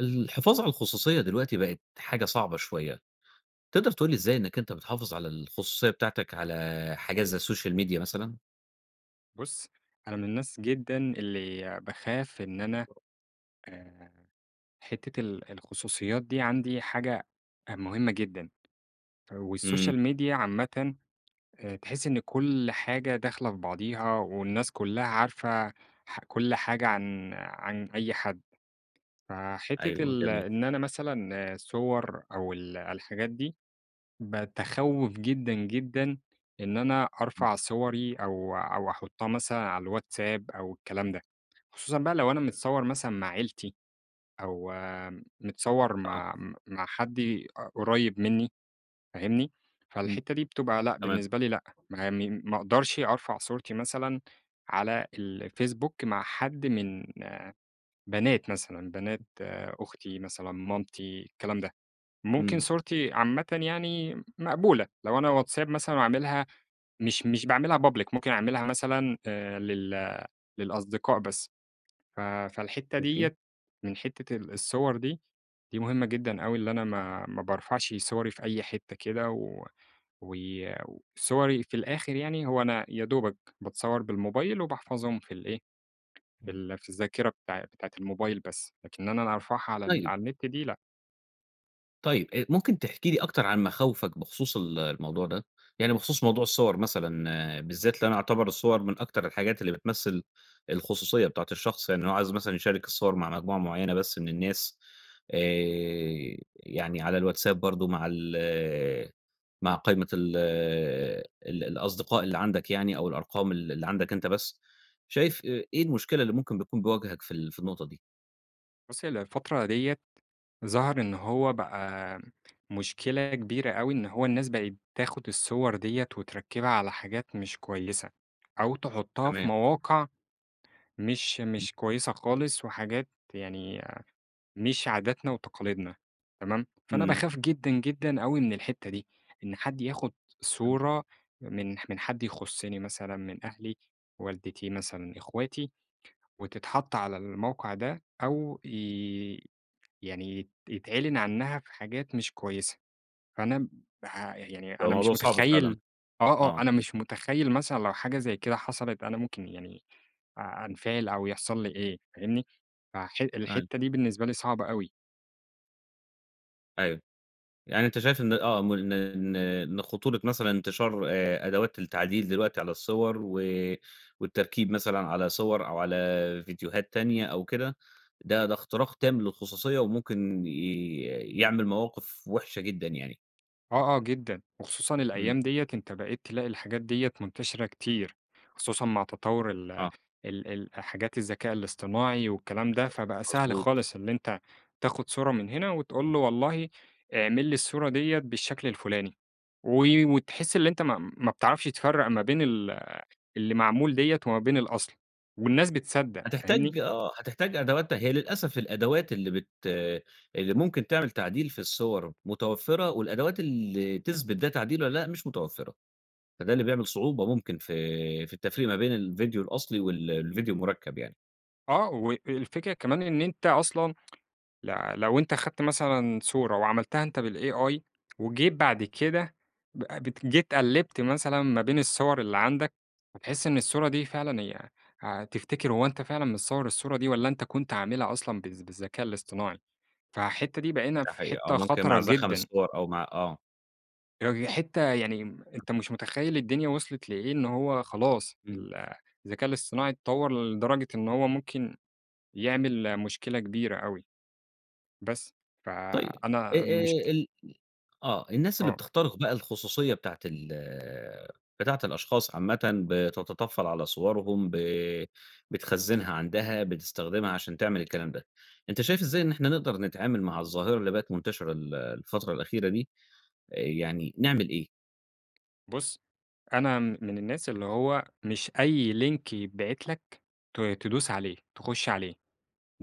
الحفاظ على الخصوصية دلوقتي بقت حاجة صعبة شويّة، تقدر تقول لي إزاي إنّك أنت بتحافظ على الخصوصية بتاعتك، على حاجات زي السوشيال ميديا مثلًا؟ بُص أنا من الناس جدًا اللي باخاف إن أنا آآ، حتّة الـ‑ الخصوصيات دي عندي حاجة مهمّة جدًا، إمم. والسوشيال ميديا عامةً، آآ تحس إن كلّ حاجة داخلة في بعضيها، والناس كلّها عارفة ح-‑ كلّ حاجة عن عن أي حد، فحتّة أيوه ال-‑ جميل. إن أنا مثلًا الصوَر أو الـ‑ الحاجات دي، باتخوّف جدًا، جدًا، إن أنا إمم. أرفع صوَري أو أو أحطّها مثلًا على الواتساب أو الكلام ده، خصوصًا بقى لو أنا متصوَر مثلًا مع عيلتي، أو متصوَر آه. مع م مع حد أ قريّب مِنّي، فاهمني؟ إمم. فالحتّة دي بتبقى لأ تمام. بالنسبة لي لأ، ما مي ما أقدرش أرفع صورتي مثلًا، على الفيسبوك مع حد من بنات مثلًا، بنات أختي مثلًا مامتي الكلام ده، ممكن إمم. صورتي عامةً يعني مقبولة، لو أنا واتساب مثلًا أعملها مش مش باعملها public، ممكن أعملها مثلًا آآ للـ‑ للأصدقاء بس، ف فالحتّة خايفين! ديَّة من حتّة الـ‑ الصوَر دي، دي مهمّة جدًا أوي اللي أنا ما ما بارفعش صوَري في أي حتّة كده، و و صوَري في الآخر يعني هو أنا يا دوبك باتصوَّر بالموبايل وباحفظهم في الإيه، في إمم. ال-‑ في الذاكرة بتاع بتاعة الموبايل بس، لكن إن أنا أرفعها على ال-‑ طيب على النت دي لأ. طيب، أ ممكن تحكي لي أكتر عن مخاوفك بخصوص ال الموضوع ده؟ يعني بخصوص موضوع الصور مثلًا بالذات اللي أنا أعتبر الصور من أكتر الحاجات اللي بتمثل الخصوصية بتاعة الشخص. يعني هو عايز مثلًا يشارك الصور مع مجموعة معيّنة بس من الناس آآ يعني على الواتساب برضه مع ال مع قايمة ال ال الأصدقاء اللي عندك يعني أو الأرقام اللي اللي عندك أنت بس، شايف أ إيه المشكلة اللي ممكن بتكون بتواجهك في ال في النقطة دي؟ بُص، هي الفترة ديّة ظهر إن هو بقى مشكلة كبيرة أوي إن هو الناس بقِت بتاخُد الصور ديّة، وتركّبها على حاجات مش كويسة، أو تحُطّها في تمام. مواقع مش مش كويسة خالص وحاجات يعني مش عاداتنا وتقاليدنا تمام؟ فأنا إمم. باخاف جدًا، جدًا أوي من الحتّة دي، إن حد ياخُد صورة من ح من حد يخُصِّني مثلًا من أهلي، والدتي مثلًا إخواتي، وتتحط على الموقع ده أو ي يعني يت يتعلن عنّها في حاجات مش كويسة. فأنا م بها ي يعني بقى أنا الموضوع مش صعب فعلًا. مُتخيّل آه، آه. آه. أنا مش مُتخيّل مثلًا لو حاجة زي كده حصلت أنا ممكن يعني أ أنفَعِل أو يحصل لي إيه فاهمني؟ فح أيوه. الحتّة دي بالنسبة لي صعبة أوي. أيوه، يعني أنت شايف إن آه، م إن إن إن خطورة مثلًا انتشار آآ أدوات التعديل دلوقتي على الصوَر، و والتركيب مثلًا على صوَر أو على فيديوهات تانية أو كده، ده ده اختراق تام للخصوصية، وممكن ي يعمل مواقف وحشة جدًا يعني. آه، آه جدًا، وخصوصًا إمم. الأيام ديّة أنت بقيت تلاقي الحاجات ديّة منتشرة كتير، خصوصًا مع تطوُّر ال آه. ال ال حاجات الذكاء الاصطناعي والكلام ده، [unintelligible] فبقى سهل مضبوط. خالص اللي أنت تاخد صورة من هنا، وتقول امم. له والله اعمل لي الصورة ديّة بالشكل الفلاني، و وتحس اللي أنت ما ما بتعرفش تفرَّق ما بين ال اللي معمول ديّة وما بين الأصل، والناس بتصدَّق، فاهمني؟ هتحتاج آه، هتحتاج أدواتها هي للأسف الأدوات اللي بت اللي ممكن تعمل تعديل في الصوَر متوفرة، والأدوات اللي تثبت ده تعديل والّا لا، مش متوفرة. فده اللي بيعمل صعوبة ممكن في في التفريق ما بين الفيديو الأصلي وال الفيديو المُركَّب يعني. آه والفكرة كمان إن أنت أصلًا، ل لو أنت خدت مثلًا صورة وعملتها أنت بالAI، وجيت بعد كده ب بت جيت قلِّبت مثلًا ما بين الصوًر اللي عندك، هتحس إن الصورة دي فعلًا هي هتفتكر هو أنت فعلًا متصوَّر الصورة دي والّا أنت كنت عاملها أصلًا بالذ بالذكاء الاصطناعي، فحتّة دي بقينا ده في حقيقي، أو حتّة ممكن خطرة مع زخم جدًا. الصوَر، أو مع آه. يعني حِتّة يعني أنت مش مُتخيِّل الدنيا وصلت لإيه إن هو خلاص إمم. ال الذكاء الإصطناعي اتَّطوَّر لدرجة إن هو ممكن يعمل مشكلة كبيرة أوي بس، ف طيب أ أنا أ المشك ال آه، الناس اللي آه. بتخترِق بقى الخصوصيّة بتاعة ال بتاعة الأشخاص عامَّةً بتتّطفّل على صورهُم، ب بتخزنها عندها، بتستخدمها عشان تعمل الكلام ده، أنت شايف إزاي إن إحنا نقدر نتعامل مع الظَّاهرة اللي بقت مُنتشرة ال الفترة الأخيرة دي، آآ يعني نعمل إيه؟ بُص أنا م من الناس اللي هو مش أي لينك يتبعت لك ت تدُوس عليه، تخُشّ عليه،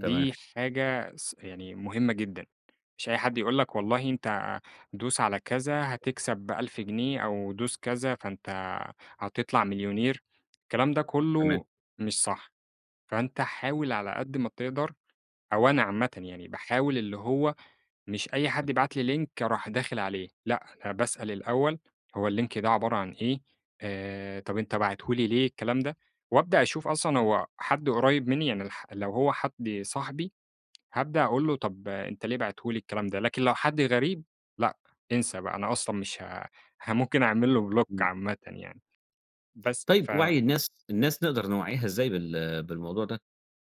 تمام. حاجة س يعني مُهمة جدًا، مش أي حد يقول لك والله أنت دوس على كذا هتكسب 1000 جنيه، أو دوس كذا فأنت هتطلع مليونير، الكلام ده تمام. كُلّه مش صح، فأنت حاول على قد ما تقدر أو أنا عامةً يعني باحاول اللي هو مش أي امم. حد يبعت لي لينك أروح داخل عليه، لأ، أنا باسأل الأول هو اللينك ده عبارة عن إيه؟ آآ طب أنت باعتُه لي ليه؟ الكلام ده، وأبدأ أشوف أصلًا هو حد قريب مني، يعني الح لو هو حد صاحبي هابدأ أقول لُه طب أنت ليه باعتُه لي الكلام ده؟ لكن لو حد غريب لأ، انسى بقى أنا أصلًا مش ه ه ممكن أعمل له بلوك إمم. عامةً يعني بس، طيب ف وعي الناس الناس نقدر نوَعِّيها إزاي بال بالموضوع ده؟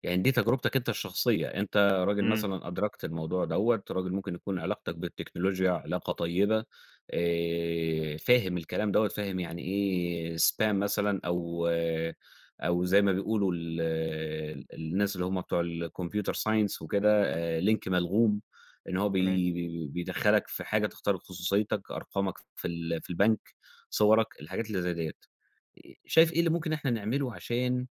يعني دي تجربتك أنت الشخصية، أنت راجل إمم. مثلًا أدركت الموضوع دوّة، راجل ممكن يكون علاقتك بالتكنولوجيا علاقة طيبة، آآ فاهم الكلام دوّة، فاهم يعني إيه spam مثلًا، أو أو زي ما بيقولوا ال الناس اللي هم بتوع الComputer Science وكده، آآ لينك ملغُوم، اللي هو تمام. بي بيدَخَّلك في حاجة تخترق خصوصيتك، أرقامك في ال في البنك، صورك، الحاجات اللي زي ديّة، آآ شايف إيه اللي ممكن إن إحنا نعمله عشان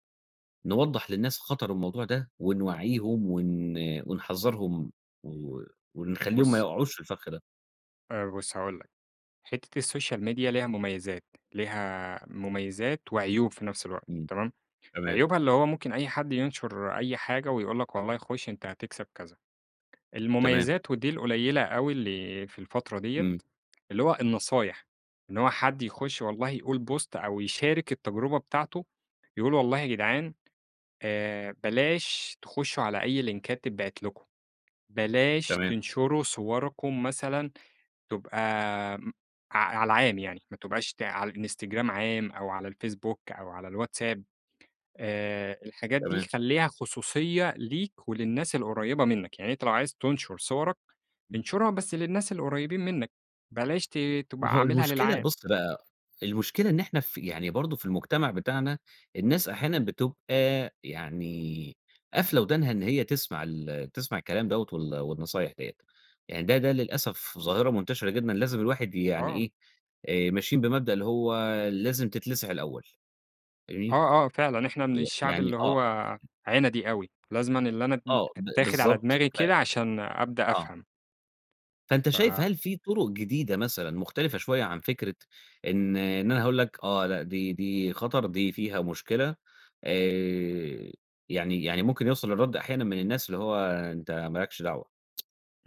نوضَّح للناس خطر الموضوع ده، ونوعِّيهم ون ونحذّرهُم، و ونخلّيهم ما بُص يقعوش في الفَخّ ده؟ آآ بُص هاقول لك، حتّة السوشيال ميديا ليها مميزات، ليها مميزات وعيوب في نفس الوقت إمم. تمام؟ تمام. عيوبها اللي هو ممكن أي حد ينشُر أي حاجة ويقول لك والله خُش أنت هتكسب كذا. تمام. المميزات ودي القليلة أوي اللي في الفترة ديّة، إمم. اللي هو النصايح. إن هو حد يخُش والله يقول بوست أو يشارك التجربة بتاعته، يقول والله يا جدعان آآ بلاش تخُشّوا على أي لينكات تتبعت لكم، بلاش تمام. تنشروا صوركم مثلًا تبقى م ع على العام يعني ما تبقاش ت على الإنستجرام عام أو على الفيسبوك أو على الواتساب، آآ الحاجات دي تمام. خلّيها خصوصية ليك وللناس القريّبة منّك. يعني أنت لو عايز تنشُر صورك، إمم. انشرها بس للناس القريبين منّك، بلاش ت ما تبقى هو عاملها المشكلة للعام. بُص بقى، المشكلة إن إحنا ف يعني برضه في المجتمع بتاعنا، الناس أحيانًا بتبقى يعني قافلة ودانها إن هي تسمع ال تسمع الكلام دوّة وال والنصايح ديّة. يعني ده ده للأسف ظاهرة منتشرة جدًا لازم الواحد يعني آه. إيه، آآ ماشيين بمبدأ اللي هو لازم تتلسع الأول فاهمني؟ آه، آه، فعلًا. إحنا من ويع الشعب يعني اللي آه. هو عِنَدي أوي، لازمًا اللي أنا م آه، ب أتّاخد على بالضبط. دماغي ف كده عشان أبدأ آه. أفهم. فأنت شايف ف هل في طرق جديدة مثلًا مختلفة شوية عن فكرة، إن إن أنا هاقول لك آه لأ دي دي خطر دي فيها مشكلة، آآ يعني يعني ممكن يوصل الرد أحيانًا من الناس، اللي هو أنت ما لكش دعوة،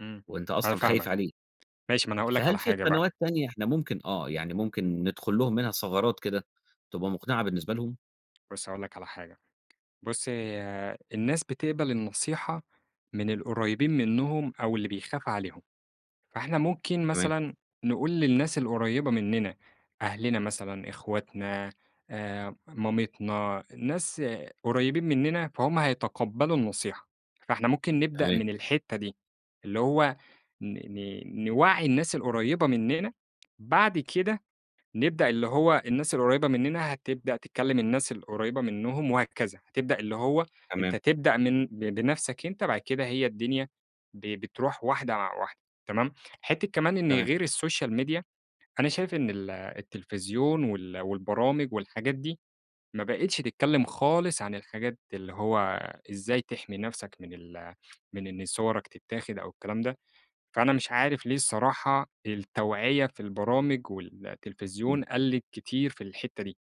إمم، وأنت أنا أصلًا خايف فاهمك، عليه، ماشي ما أنا هاقول لك فهل على في حاجة بقى قنوات تانية إحنا ممكن آه يعني ممكن ندخل لهم منها ثغرات كده، تبقى مقنعة بالنسبة لهم؟ بُص هاقول لك على حاجة، بُص هي الناس بتقبل النصيحة، من القريّبين منهم أو اللي بيخاف عليهم، فإحنا ممكن تمام. مثلًا نقول للناس القريّبة مننا، أهلنا مثلًا إخواتنا آآ مامتنا، ناس قريّبين مننا فهُم هيتقبّلوا النصيحة، فإحنا ممكن نبدأ تمام. من الحتّة دي، اللي هو ن ن نوعّي الناس القريّبة مننا، بعد كده نبدأ اللي هو الناس القريبة مننا هتبدأ تكلّم الناس القريّبة منهم وهكذا، هتبدأ اللي هو تمام. أنت تبدأ من ب بنفْسك أنت، بعد كده هي الدنيا ب بتروح واحدة واحدة تمام، حتّة كمان إن تمام. غير السوشيال ميديا، أنا شايف إن ال التليفزيون وال والبرامج والحاجات دي، ما بقتش تتكلّم خالص عن الحاجات اللي هو، إزاي تحمي نفْسك من ال من إن صوَرك تتاخد أو الكلام ده، فأنا مش عارف ليه الصراحة التوعية في البرامج والتلفزيون قَلِّت كتير في الحتّة دي،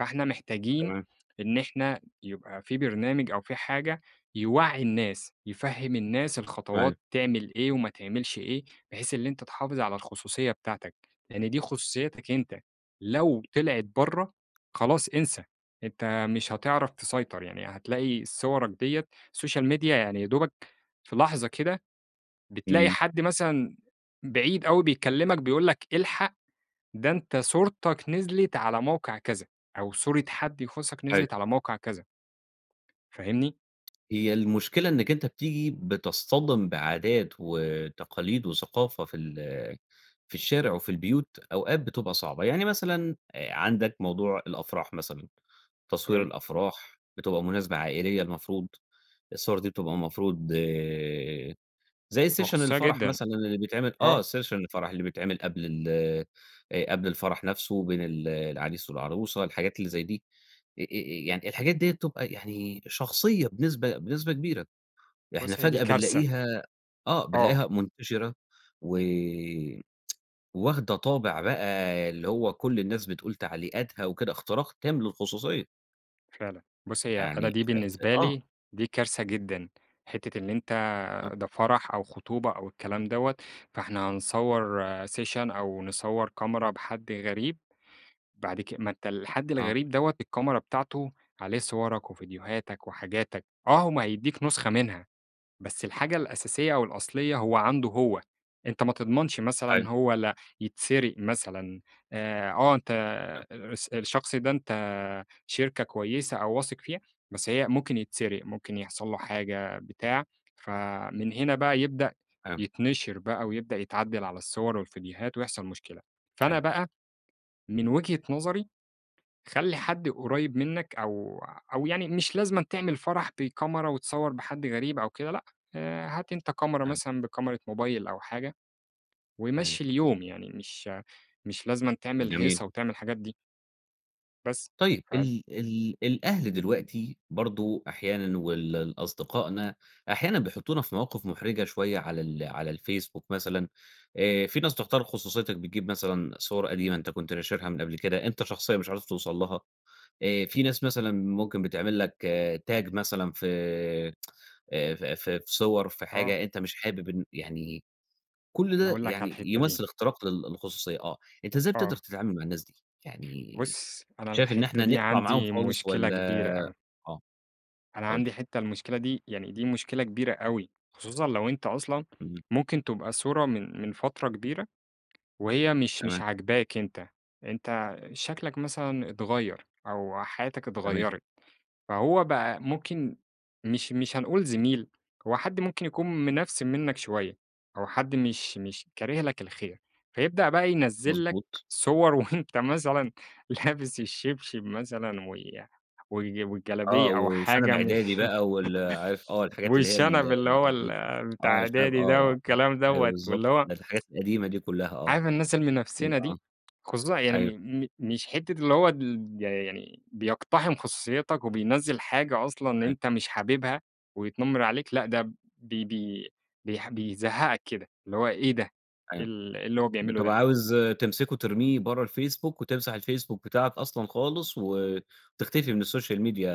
فإحنا محتاجين تمام. إن إحنا يبقى في برنامج أو في حاجة، يوعّي الناس يفهّم الناس تمام. الخطوات تعمل إيه وما تعملش إيه، بحيث إن أنت تحافظ على الخصوصية بتاعتك، لإن دي خصوصيتك أنت، لو طلعِت برّه، خلاص انسى أنت مش هتعرف تسيطر، يعني هتلاقي صوَرك ديّة، سوشيال ميديا يعني يا دوبك، في لحظة كده بتلاقي إمم. حد مثلًا، بعيد أوي بيكلّمك بيقول لك الحق، ده أنت صورتك نزلِت على موقع كذا، أو صورة حد يخُصّك أيوه. نزلِت على موقع كذا. فاهمني؟ هي المشكلة إنّك أنت بتيجي بتصطدم بعادات وتقاليد وثقافة في ال في الشارع وفي البيوت أوقات بتبقى صعبة، يعني مثلًا عندك موضوع الأفراح مثلًا، تصوير تمام. الأفراح بتبقى مناسبة عائليّة المفروض الصور دي بتبقى المفروض زي session وخصوصية الفرح جدًا. مثلًا اللي بيتعمل، آه. آه session الفرح اللي بيتعمل قبل ال آآ قبل الفرح نَفسه بين ال العريس والعروسة، الحاجات اللي زي دي آآ يعني الحاجات ديّة بتبقى يعني شخصيّة بنسبة بنسبة كبيرة، إحنا بص هي دي فجأة كارثة. بنلاقيها آه آه. بنلاقيها منتشرة و واخدة طابع بقى اللي هو كل الناس بتقول تعليقاتها وكده، اختراق تام للخصوصية. فعلًا، بُص هي أنا يعني دي ف ف بالنسبة آه. لي دي كارثة جدًا، حتّة اللي أنت آه. آآ ده فرح أو خطوبة أو الكلام دوّة فإحنا نصور session أو نصور كاميرا بحد غريب بعد ك ما أنت الحد آه. الغريب دوّة الكاميرا بتاعته عليه صورك وفيديوهاتك وحاجاتك، آه هو ما هيديك نسخة منها، بس الحاجة الأساسية أو الأصليّة هو عنده هو، أنت ما تضمنش مثلًا أيوه. هو لا يتسرق مثلًا، آآ، آه أنت [unintelligible] آآ الس الشخص ده أنت شركة كويّسة أو واثق فيها بس هي ممكن يتسرق، ممكن يحصل له حاجة بتاع، فمن هنا بقى يبدأ تمام. يتنشر بقى ويبدأ يتعدل على الصور والڤيديوهات ويحصل مشكلة، فأنا [unintelligible] بقى من وجهة نظري خلِّ حد قريب منّك أو أو يعني مش لازم تعمل فرح بكاميرا وتصور بحد غريب أو كده لأ، آآ هات أنت كاميرا تمام. مثلًا بكاميرا موبايل أو حاجة، أيوه. ومشّي اليوم يعني مش مش لازمًا تعمل جميل. هيصة وتعمل الحاجات دي. بس طيّب. ف ال ال الأهل دلوقتي برضو أحيانًا وال ال أصدقائنا أحيانًا بيحطونا في مواقف محرجة شويّة على ال على الFacebook مثلًا، آآ في ناس تخترق خصوصيتك بتجيب مثلًا صور قديمة أنت كنت ناشرها من قبل كده أنت شخصيًا مش عارف توصل لها، آآ في ناس مثلًا ممكن بتعمل لك tag مثلًا في ف في صور في آه. حاجة أنت مش حابب إن يعني كل أنا ده هاقول لك على يعني الحتة دي. يمثل اختراق للخصوصية، آه. أنت إزاي بتقدر آه. تتعامل مع الناس دي؟ يعني بُص أنا شايف إن الحتة إحنا دي نقطع معاهم عندي خالص مشكلة والّا كبيرة أوي. آه أنا قُل لي. عندي حتّة المشكلة دي يعني دي مشكلة كبيرة أوي، خصوصًا لو أنت أصلًا إمم. ممكن تبقى صورة من من فترة كبيرة وهي مش مش تمام. عاجباك أنت، أنت شكلك مثلًا اتغيّر أو حياتك تمام. اتغيّرت فهو بقى ممكن مش مش هنقول زميل، هو حد ممكن يكون منفسن منّك شويّة أو حد مش مش كاره لك الخير، فيبدأ بقى ينزل لك مضبوط. صور وأنت مثلًا لابس الشبشب مثلًا وي وال آه والجلبية أو وشنب حاجة مش إعدادي بقى وال عارف آه الحاجات اللي هي ال والشنب اللي ال هو ال ال بتاع آه الشنب إعدادي ده آه، الكلام أيوه دوّة بالضبط واللي هو الحاجات القديمة دي كلها. عارف الناس [unintelligible] المنفسنة آه دي؟ خصوصًا يعني أيوه. م م مش حتّة اللي هو ال يعني بيقتحم خصوصيتك وبينزِّل حاجة أصلًا أيوه. أنت مش حاببها ويتنمر عليك، لأ ده بي بي بيح بيزهقك كده، اللي هو إيه ده! إيه أيوه ال اللي هو بيعمله ده! بتبقى عاوز تمسكه ترميه برّه الFacebook وتمسح الFacebook بتاعك أصلًا خالص وتختفي من السوشيال ميديا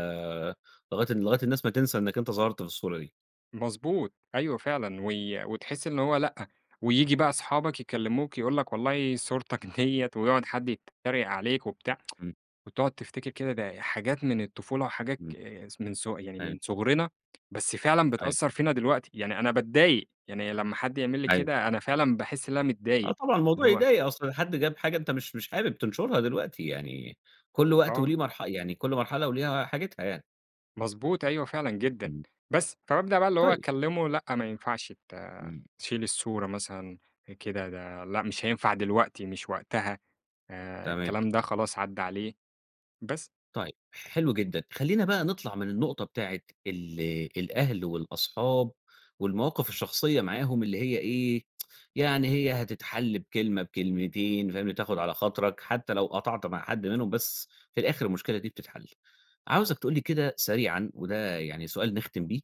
لغاية لغاية الناس ما تنسى إنك أنت ظهرت في الصورة دي. مضبوط، أيوَه فعلًا، وي وتحس إن هو لأ، وييجي بقى أصحابك يكلّموك يقول لك والله صُورتك دِيّة ويقعُد حد يتّريق عليك وبتاع، امم. وتقعُد تفتكر كده، ده حاجات من الطفولة وحاجات امم. ك ص من ص يعني من أيوه. صغرنا، بس فعلًا أيوه. بتأثّر فينا دلوقتي. يعني أنا باتضايق يعني لمّا حد يعمل لي أيوه. كده، أنا فعلًا باحس إن أنا آه متضايق، طبعًا، اللي الموضوع هو يضايق، أصل حد جاب حاجة أنت مش مش حابب تنشُرها دلوقتي، يعني كلّ وقت آه. وليه مرح يعني كلّ مرحلة وليها حاجتها يعني. مضبوط، أيوه فعلًا جدًا. امم. بس، فبابدأ بقى اللي هو طيب. أكلّمه لأ، ما ينفَعش ت امم. تشيل الصورة مثلًا كده، ده لأ، مش هينفَع دلوقتي، مش وقتها آآ تمام. الكلام ده، خلاص عدّى عليه. بس. طيب، حلو جدًا، خلّينا بقى نطلَع من النقطة بتاعة ال الأهل والأصحاب والمواقف الشخصيّة معاهم اللي هي إيه، يعني هي هتتحل بكلمة، بكلمتين فاهمني؟ تاخد على خاطرَك، حتّى لو قطَعت مع حد منهم، بس في الآخِر المشكلة دي بتتحل. عاوزك تقول لي كده سريعًا وده يعني سؤال نختِم بيه.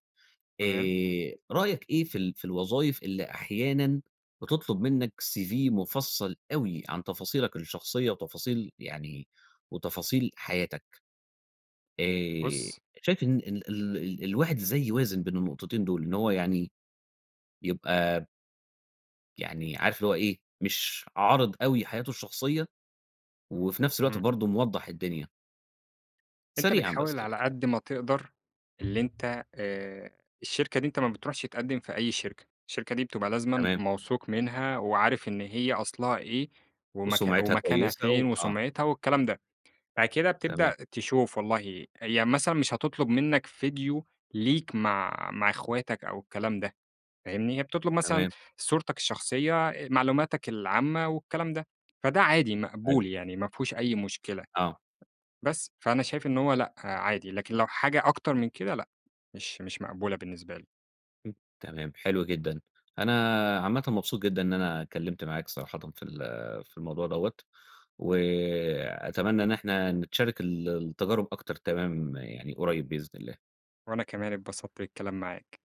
تمام. آآ رأيك إيه في ال في الوظايف اللي أحيانًا بتطلب منّك CV مُفصّل أوي عن تفاصيلك الشخصيّة وتفاصيل، يعني وتفاصيل حياتك؟ آآ بُصّ شايف إن إن ال ال ال الواحد ازاي يوازن بين النقطتين دول، إن هو يعني يبقى يعني عارف اللي هو إيه، مش عارِض أوي حياته الشخصيّة، وفي نفْس الوقت امم. برضه موضّح الدنيا؟ أنت سريعًا بس بتحاول يعني. على قد ما تقدَر اللي أنت آآ، الشركة دي أنت ما بتروحش تقدّم في أي شركة. الشركة دي بتبقى لازمًا تمام. موثوق منها، وعارف إن هي أصلها إيه وم وسُمعِتها ومكانها كويسة و فين آه. وسُمعِتها والكلام ده. بعد كده تمام. بتبدأ تشوف والله هي مثلًا مش هتطلُب منّك ڤيديو ليك مع مع أخواتك أو الكلام ده فاهمني؟ هي بتطلب مثلًا تمام. صورتك الشخصيّة، أ معلوماتك العامة والكلام ده، فده عادي أيوه. مقبول يعني ما فيهوش أي مشكلة. آه. بس، فأنا شايف إن هو لأ، عادي لكن لو حاجة أكتر من كده لأ، مش مش مقبولة بالنسبة لي. م تمام حلو جدًا. أنا عامةً مبسوط جدًا إن أنا اتكلّمت معاك صراحةً في ال في الموضوع دَوّة، وأتمنى إن إحنا نتشارك ال التجارب أكتر، تمام يعني قريّب بإذن الله. وأنا كمان اتبسطت بالكلام معاك.